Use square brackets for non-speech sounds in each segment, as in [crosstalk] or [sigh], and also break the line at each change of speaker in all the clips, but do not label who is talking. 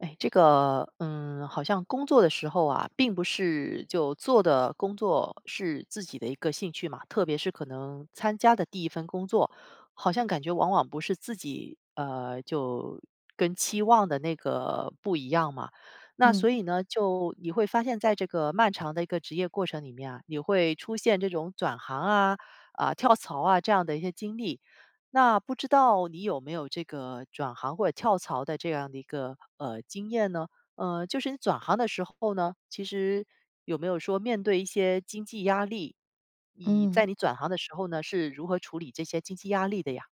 诶，这个，嗯，好像工作的时候啊，并不是就做的工作是自己的一个兴趣嘛，特别是可能参加的第1份工作，好像感觉往往不是自己，呃，就跟期望的那个不一样嘛。那所
嗯。
以呢，就你会发现在这个漫长的一个职业过程里面啊，你会出现这种转行啊，啊，跳槽啊，这样的一些经历。那不知道你有没有这个转行或者跳槽的这样的一个，呃，经验呢？呃，就是你转行的时候呢，其实有没有说面对一些经济压力？你
嗯。
在你转行的时候呢是如何处理这些经济压力的呀？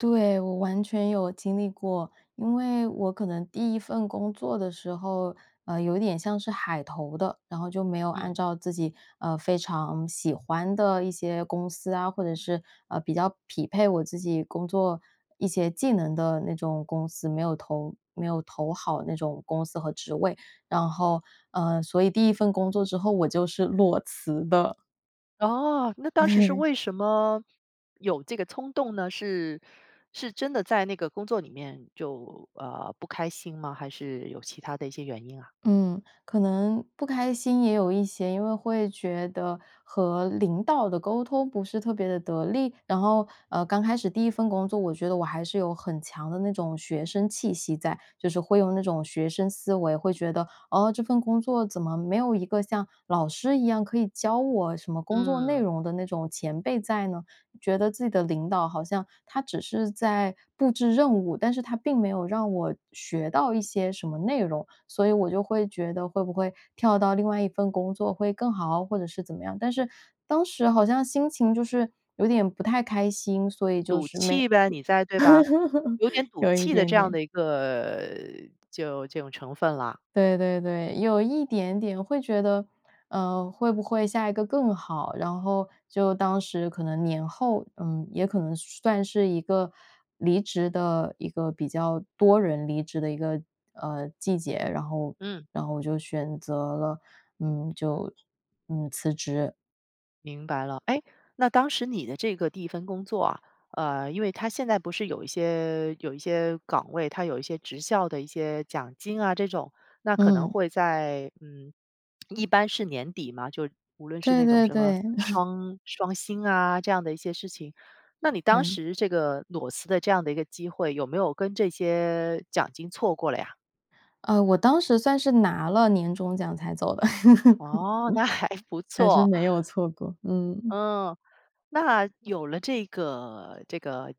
对，我完全有经历过。因为我可能第1份工作的时候，呃，有一点像是海投的。然后就没有
嗯。
按照自己，呃，非常喜欢的一些公司啊，或者是，呃，比较匹配我自己工作一些技能的那种公司，没有投没有投好那种公司和职位。然后，呃，所以第1份工作之后我就是裸辞的。
哦，那当时是
对。
为什么有这个冲动呢？是，是真的在那个工作里面就呃不开心吗？还是有其他的一些原因啊？
嗯，可能不开心也有一些。因为会觉得和领导的沟通不是特别的得力，然后呃刚开始第1份工作，我觉得我还是有很强的那种学生气息在。就是会用那种学生思维，会觉得哦这份工作怎么没有一个像老师一样可以教我什么工作内
嗯。
容的那种前辈在呢。觉得自己的领导好像他只是在布置任务，但是他并没有让我学到一些什么内容，所以我就会觉得会不会跳到另外一份工作会更好，或者是怎么样。但是当时好像心情就是有点不太开心，所以就
赌
是没
气呗，你在对吧？
[laughs]
有点赌
有一
气的
点
这样
点。
的一个呃就这种成分了。
对对对，有一点点会觉得呃会不会下一个更好。然后就当时可能年后，嗯也可能算是一个离职的一个比较多人离职的一个，呃季节，然后
嗯。
然后我就选择了，嗯，就，嗯，辞职。
明白了。诶，那当时你的这个第1份工作啊，呃，因为它现在不是有一些有一些岗位，它有一些职校的一些奖金啊，这种。那可能
嗯。
会在嗯，[smacks lips] 一般是年底嘛，就无论是
对
那种
对
什么
对。[chuckles]
双双薪啊这样的一些事情，那你当
对。
时这个裸辞的这样的一个机会，有没有跟这些奖金错过了呀？
呃，我当时算是拿了年终奖才走的，
哦，那还
[laughs]
不
还是
错。
没有错过，嗯。
嗯，那有了这个，这个，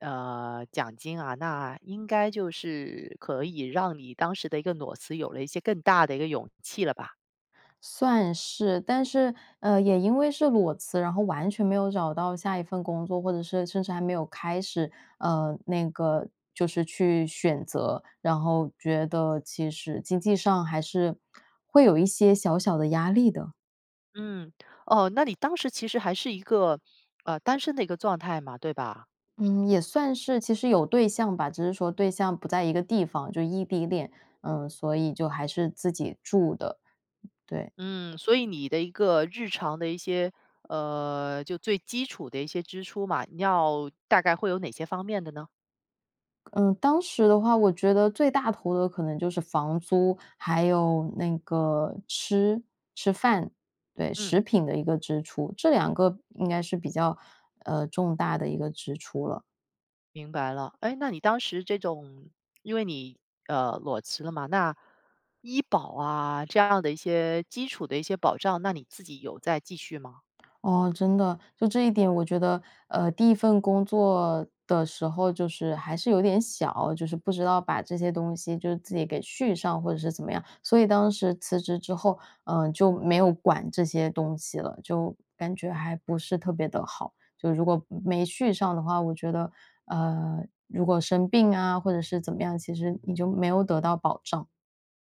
呃，奖金啊，那应该就是可以让你当时的一个裸辞有了一些更大的一个勇气了吧。
算是，但是，呃也因为是裸辞，然后完全没有找到下一份工作，或者是甚至还没有开始。呃，那个就是去选择，然后觉得其实经济上还是会有一些小小的压力的。
嗯，哦，那你当时其实还是一个，呃单身的一个状态嘛。对吧？
嗯，也算是，其实有对象吧，只是说对象不在一个地方，就异地恋。嗯，所以就还是自己住的，对。
嗯，所以你的一个日常的一些，呃，就最基础的一些支出嘛，要大概会有哪些方面的呢？
嗯，当时的话，我觉得最大头的可能就是房租，还有那个吃吃饭，对，
嗯。
食品的一个支出。这2个应该是比较，呃，重大的一个支出了。
明白了。诶那你当时这种因为你，呃，裸辞了嘛，那医保啊这样的一些基础的一些保障，那你自己有在继续吗？
哦，真的。就这一点，我觉得，呃，第1份工作的时候就是还是有点小，就是不知道把这些东西就是自己给续上或者是怎么样。所以当时辞职之后，呃就没有管这些东西了，就感觉还不是特别地好。就如果没续上的话，我觉得，嗯，如果生病啊或者是怎么样，其实你就没有得到保障。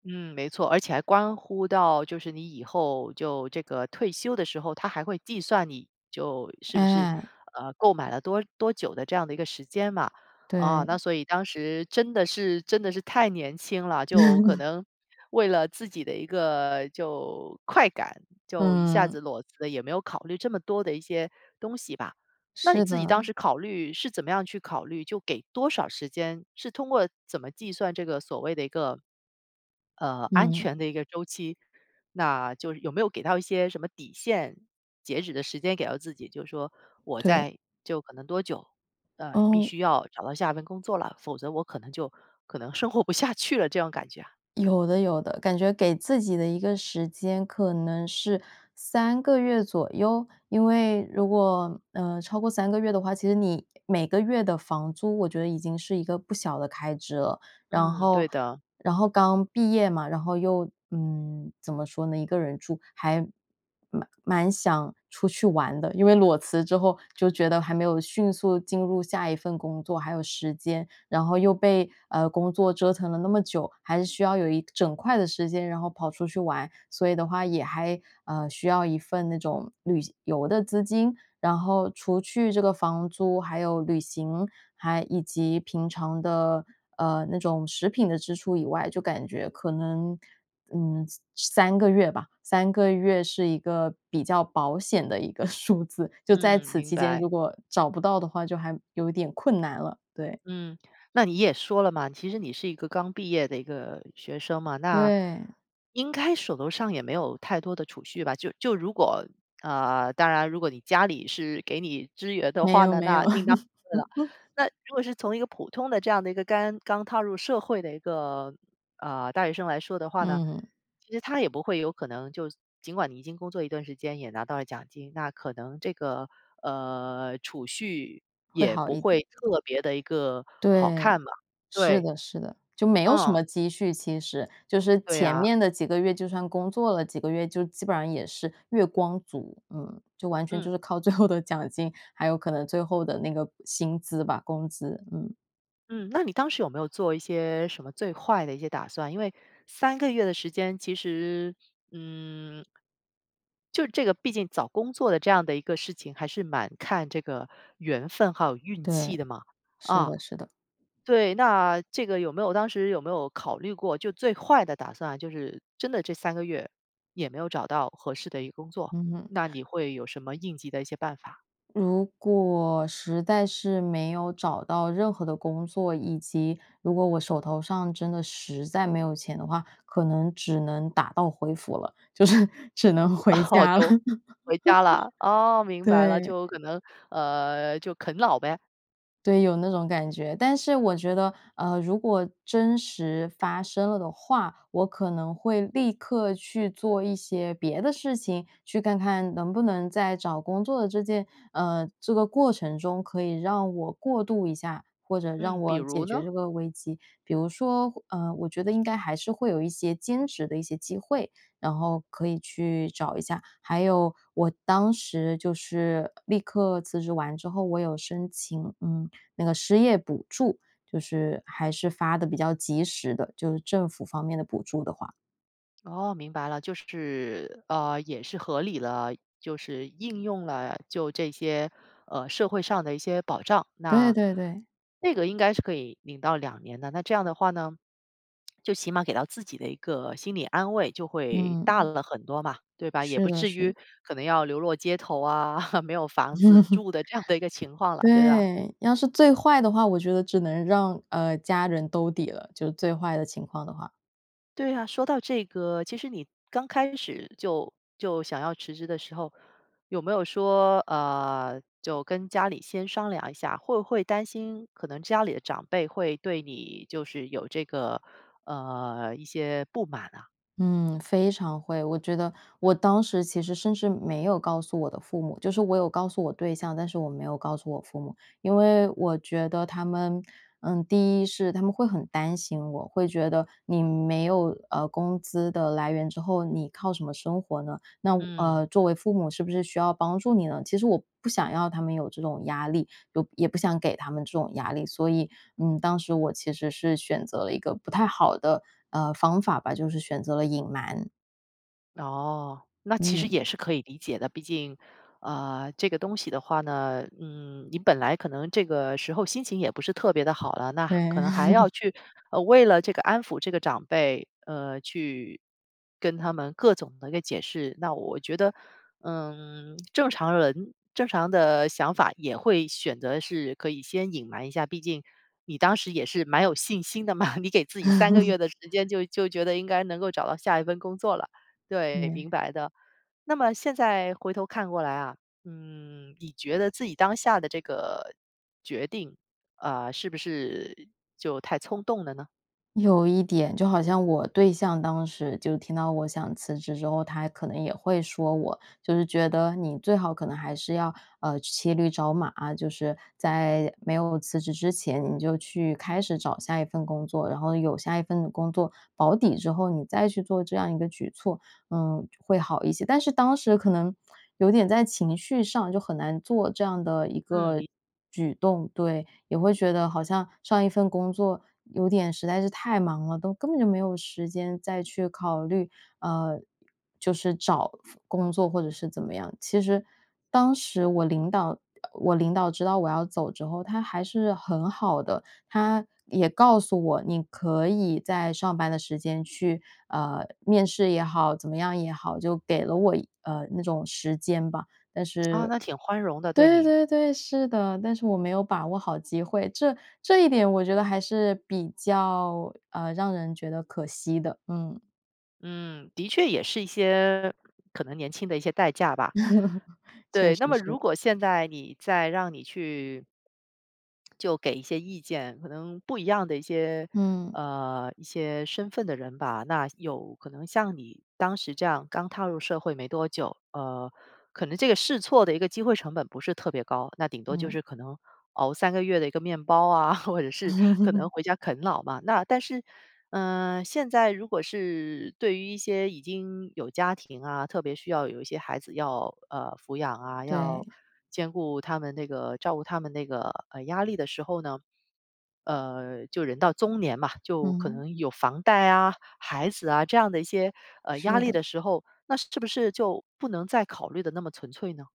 嗯，没错。而且还关乎到就是你以后就这个退休的时候，它还会计算你就是不是，
嗯。
呃，购买了多多久的这样的一个时间嘛。啊那
对。
所以当时真的是真的是太年轻了，就可
[chuckles]
能为了自己的一个就快感就一下
嗯。
子裸辞也没有考虑这么多的一些东西吧。那你
是
自己当
的。
时考虑是怎么样去考虑就给多少时间，是通过怎么计算这个所谓的一个，呃，安
嗯。
全的一个周期，那就有没有给到一些什么底线，截止的时间给到自己？就是说我
对。
在就可能多久呃必
哦。
须要找到下1份工作了，否则我可能就可能生活不下去了这种感觉啊？
有的有的。感觉给自己的一个时间可能是3个月左右，因为如果，呃，超过3个月的话，其实你每个月的房租，我觉得已经是一个不小的开支了。然
嗯，对
后
的。
然后刚毕业嘛，然后又嗯，怎么说呢？1个人住，还蛮蛮想出去玩的。因为裸辞之后就觉得还没有迅速进入下一份工作，还有时间，然后又被，呃，工作折腾了那么久，还是需要有一整块的时间，然后跑出去玩。所以的话，也还呃需要1份那种旅行游的资金，然后除去这个房租还有旅行，还以及平常的，呃，那种食品的支出以外，就感觉可能，嗯，33个月吧，3个月是一个比较保险的一个数字。就在
嗯，
此
明
期间，
白。
如果找不到的话，就还有一点困难了，对。
嗯，那你也说了嘛，其实你是一个刚毕业的一个学生嘛，那，
对。
应该手头上也没有太多的储蓄吧。就就如果呃当然如果你家里是给你支援的
没
话
有
呢，
没
那
有。
另当别论了。
[chuckles]
那如果是从一个普通的这样的一个干刚踏入社会的一个，呃，大学生来说的话呢，
嗯。
其实它也不会有可能就尽管你已经工作一段时间也拿到了奖金，那可能这个，呃，储蓄
会
也
好
不
一
会
点。
特别地一个好
对，
看吧，
是
对。
的是的，就没有什
嗯。
么积蓄其实。就是
对
前
呀。
面的几个月就算工作了几个月，就基本上也是月光族，嗯，就完全就
嗯。
是靠最后的奖金，还有可能最后的那个薪资吧，工资，嗯。
嗯，那你当时有没有做一些什么最坏的一些打算，因为3个月的时间其实，嗯。就这个毕竟找工作的这样的一个事情，还是蛮看这个缘分还有运气
对，
的嘛。
是
啊，
的，是的。
对，那这个有没有当时有没有考虑过，就最坏的打算，就是真的这3个月也没有找到合适的一个工作，
嗯哼。
那你会有什么应急的一些办法？
如果，实在是没有找到任何的工作，以及，如果我手头上真的实在没有钱的话，可能只能打道回府了。就是，只能回
哦
家了。
就，回家了。哦，
[laughs]
明白了，
对。
就可能，呃，就啃老呗。
对，有那种感觉。但是我觉得，呃，如果真实发生了的话，我可能会立刻去做一些别的事情，去看看能不能在找工作的这件呃，这个过程中可以让我过度一下，或者让
嗯，比
我
如
解决
呢？
这个危机。比如说，呃，我觉得应该还是会有一些兼职的一些机会，然后可以去找一下，还有我当时就是立刻辞职完之后，我有申请，嗯，那个失业补助。就是还是发得比较及时的，就是政府方面的补助的话。
哦，明白了，就是，呃，也是合理了，就是应用了就这些，呃，社会上的一些保障。
对
那，
对对。
那个应该是可以领到2年的。那这样的话呢，[smacks lips] 就起码给到自己的一个心理安慰就会大
嗯。
了很多嘛，对吧？也
是
不
的，
至于
是。
可能要流落街头啊，[chuckles] 没有房子住
[chuckles]
的这样的一个情况了，对吧？
对，要是最坏的话，我觉得只能让呃，家人兜底了，就最坏的情况的话。
对呀，说到这个，其实你刚开始就就想要辞职的时候，有没有说，呃，就跟家里先商量一下？会不会担心可能家里的长辈会对你就是有这个，呃，一些不满呐？
嗯，非常会，我觉得我当时其实甚至没有告诉我的父母，就是我有告诉我对象，但是我没有告诉我父母。因为我觉得他们嗯，第一是他们会很担心我，会觉得你没有呃工资的来源之后，你靠什么生活呢？那
嗯。
呃。作为父母是不是需要帮助你呢？其实我不想要他们有这种压力，又也不想给他们这种压力。所以，嗯，当时我其实是选择了一个不太好的呃，方法吧，就是选择了隐瞒。
哦，那其实
嗯。
也是可以理解的。毕竟呃，这个东西的话呢，嗯，你本来可能这个时候心情也不是特别地好了，那可
对。
能还要
[laughs]
去呃，为了这个安抚这个长辈，呃，去跟他们各种地那解释。那我觉得，嗯，正常人正常的想法也会选择是可以先隐瞒一下，毕竟你当时也是蛮有信心的嘛。你给自己3个
[laughs]
月的时间，就就觉得应该能够找到下一份工作了。对，
对。
明白的。那么现在回头看过来啊，嗯，你觉得自己当下的这个决定，啊，是不是，就太冲动了呢？
有一点。就好像我对象当时就听到我想辞职之后，他可能也会说我就是觉得你最好可能还是要，呃，骑驴找马。就是在没有辞职之前，你就去开始找下一份工作，然后有下一份工作保底之后，你再去做这样一个举措，嗯，会好一些。但是当时可能有点在情绪上就很难做这样的一
嗯，
个
理解。
举动，对。也会觉得好像上一份工作有点实在是太忙了，都根本就没有时间再去考虑，呃，就是找份工作或者是怎么样。其实，当时我领导呃，我领导知道我要走之后，他还是很好的，他也告诉我，你可以在上班的时间去呃，面试也好，怎么样也好，就给了我一呃，那种时间吧。但是
哦，那挺宽容的，对
对
你。
对对，是的，但是我没有把握好机会。这这一点我觉得还是比较，呃，让人觉得可惜的，嗯。
嗯，的确也是一些可能年轻的一些代价吧。
[chuckles] 确
对，
实
那么如
是。
果现在你再让你去 [smacks lips] 就给一些意见，可能不一样的一些，
嗯。
呃，一些身份的人吧，那有可能像你当时这样刚踏入社会没多久，呃，可能这个试错的一个机会成本不是特别高，那顶多就
嗯。
是可能熬3个月的一个面包啊，或者是可能
[laughs]
回家啃老嘛。那但是，呃，现在如果是对于一些已经有家庭啊，特别需要有一些孩子要，呃，抚养啊，
对。
要兼顾他们那个照顾他们那个，呃，压力的时候呢，呃，就人到中年嘛，就可
嗯。
能有房贷啊、孩子啊这样的一些，呃，压
是
力
的。
的时候，那是不是就不能再考虑得那么纯粹呢？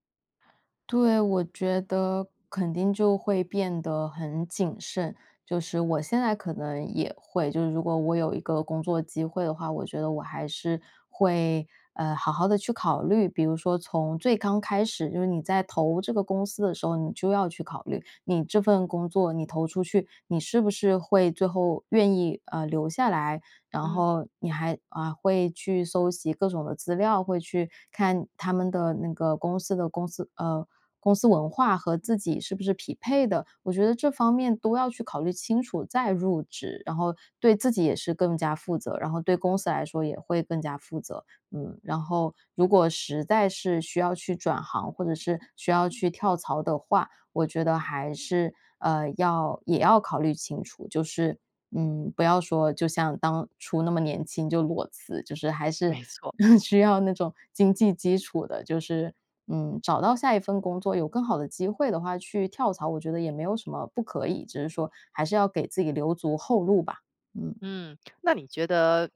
对，我觉得肯定就会变得很谨慎，就是我现在可能也会，就是如果我有一个工作机会的话，我觉得我还是会，呃，好好地去考虑。比如说从最刚开始，就是你在投这个公司的时候，你就要去考虑你这份工作，你投出去，你是不是会最后愿意，呃，留下来，然
嗯。
后你还呃，会去搜集各种的资料，会去看他们的那个公司的公司，呃，公司文化和自己是不是匹配的。我觉得这方面都要去考虑清楚，再入职，然后对自己也是更加负责，然后对公司来说也会更加负责。嗯，然后如果实在是需要去转行，或者是需要去跳槽的话，我觉得还是，呃，要也要考虑清楚，就是，嗯，不要说就像当初那么年轻就裸辞，就是还是，
没错。
[chuckles] 需要那种经济基础的。就是嗯，找到下一份工作，有更好的机会的话，去跳槽，我觉得也没有什么不可以，只是说还是要给自己留足后路吧，嗯。
嗯，那你觉得，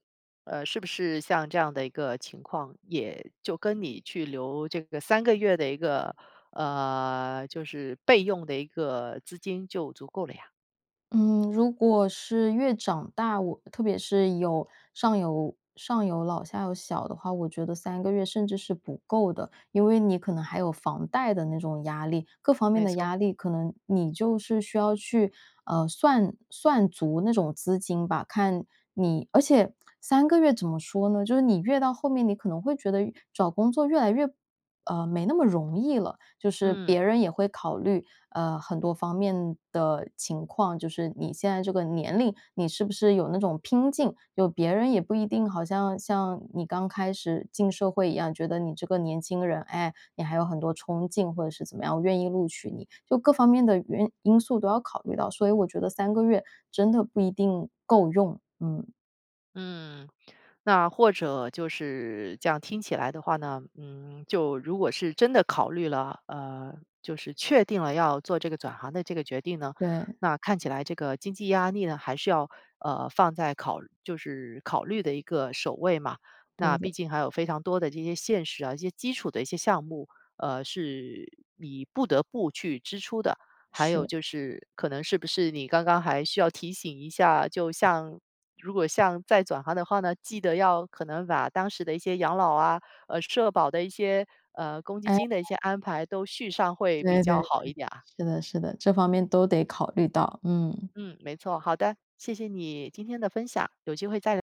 呃，是不是像这样的一个情况，也就跟你去留这个3个月的一个呃，就是备用的一个资金就足够了呀。
嗯，如果是越长大，我特别是，有上有上有老下有小的话，我觉得3个月甚至是不够的。因为你可能还有房贷的那种压力，各方面
没
的
错。
压力可能，你就是需要去，呃算算足那种资金吧，看你而且3个月怎么说呢，就你越到后面，你可能会觉得越找工作越来越，呃，没那么容易了。就是
嗯。
别人也会考虑，呃很多方面的情况，就是你现在这个年龄，你是不是有那种拼劲。有别人也不一定好像，像，你刚开始进社会一样，觉得你这个年轻人，诶，你还有很多冲劲或者是怎么样，我愿意录取你。就各方面的原因素都要考虑到，所以我觉得3个月，真的不一定，够用，嗯。
嗯，那或者，就是，这样听起来的话呢，嗯，就如果是真的考虑了，呃，就是确定了要做这个转行的这个决定呢，
对。
那看起来这个经济压力呢还是要，呃，放在考，就是考虑的一个首位嘛。那
对的。
毕竟还有非常多的这些现实啊，这些基础的一些项目。呃，是，你不得不去支出的，还有
是。
就是，可能是不是你刚刚还需要提醒一下，就像，如果像再转行的话呢，记得要可能把当时的一些养老啊，呃社保的一些，呃公积金的一些
哎。
安排都续上会比
对对
较
对，
好一点啊。
是的，是的，这方面都得考虑到，嗯。
嗯，没错。好的，谢谢你，今天的分享，有机会再